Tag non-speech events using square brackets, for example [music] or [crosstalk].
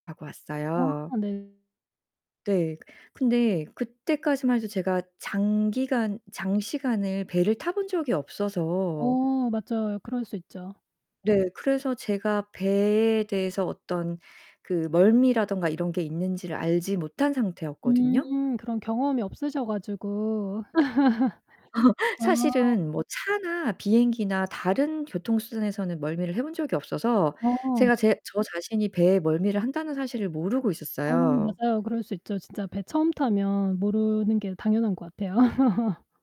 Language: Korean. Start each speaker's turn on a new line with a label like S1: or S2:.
S1: 하고 왔어요.
S2: 아 네.
S1: 네. 근데 그때까지만 해도 제가 장기간 장시간을 배를 타본 적이 없어서
S2: 어, 맞아요. 그럴 수 있죠.
S1: 네, 그래서 제가 배에 대해서 어떤 그 멀미라든가 이런 게 있는지를 알지 못한 상태였거든요.
S2: 음 그런 경험이 없으셔 가지고.
S1: 근데
S2: [laughs]
S1: [laughs]
S2: 아.
S1: 사실은 뭐 차나 비행기나 다른 교통수단에서는 멀미를 해본 적이 없어서
S2: 어.
S1: 제가 제 저 자신이 배에 멀미를 한다는 사실을 모르고
S2: 어
S1: 있었어요.
S2: 맞아요. 그럴 수 있죠. 진짜 배 처음 타면 모르는 게 당연한 것 같아요.